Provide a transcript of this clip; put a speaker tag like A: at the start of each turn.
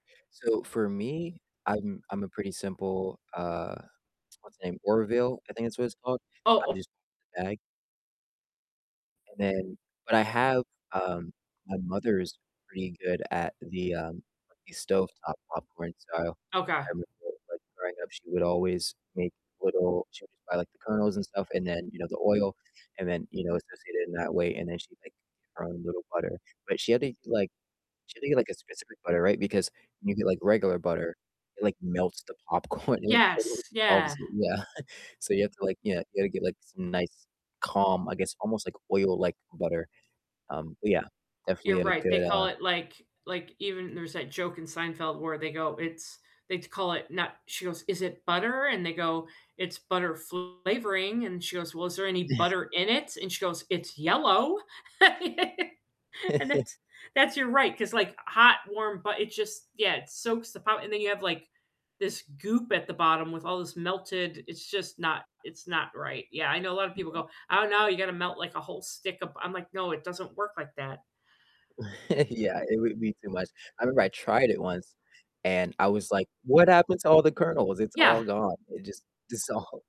A: So, for me, I'm I'm a pretty simple, uh, what's the name? Orville, I think that's what it's called.
B: Oh
A: I'm
B: oh
A: just [unintelligible] the bag and then but I have um, my mother is pretty good at the, um, the stovetop popcorn, so, I
B: Okay.
A: remember, like, growing up, she would always make little she would just buy, like, the kernels, and stuff, and then, you know, the oil, and then, you know, associate it in that way, and then she'd, like, get her own little butter. But she had to like she had to get, like, a specific butter, right, because when you get, like, regular butter, it, like, melts the popcorn, it, like,
B: Yes,
A: totally
B: yeah.
A: dissolves y yeah, so, you have to, like yeah, you gotta get, like, some nice calm I guess almost like oil like butter, um, but yeah, definitely
B: You're
A: had a
B: right, they
A: good,
B: call
A: uh
B: it like like, even there's that joke in Seinfeld where they go, "It's" they call it not she goes, "Is it butter?" And they go, "It's butter flavoring." And she goes, "Well, is there any butter in it?" And she goes, "It's yellow." And that's that's you're right, 'cause like hot, warm bu it just, yeah, it soaks the po and then you have, like, this goop at the bottom with all this melted it's just not it's not right, yeah, I know a lot of people
A: Yeah.
B: go, "Oh, no, you gotta melt, like, a whole stick of" I'm like, "No, it doesn't work like that."
A: Yeah, it would be too much, I remember I tried it once, and I was like, "What happened to all the kernels? It's
B: Yeah.
A: all gone." It just dissolved.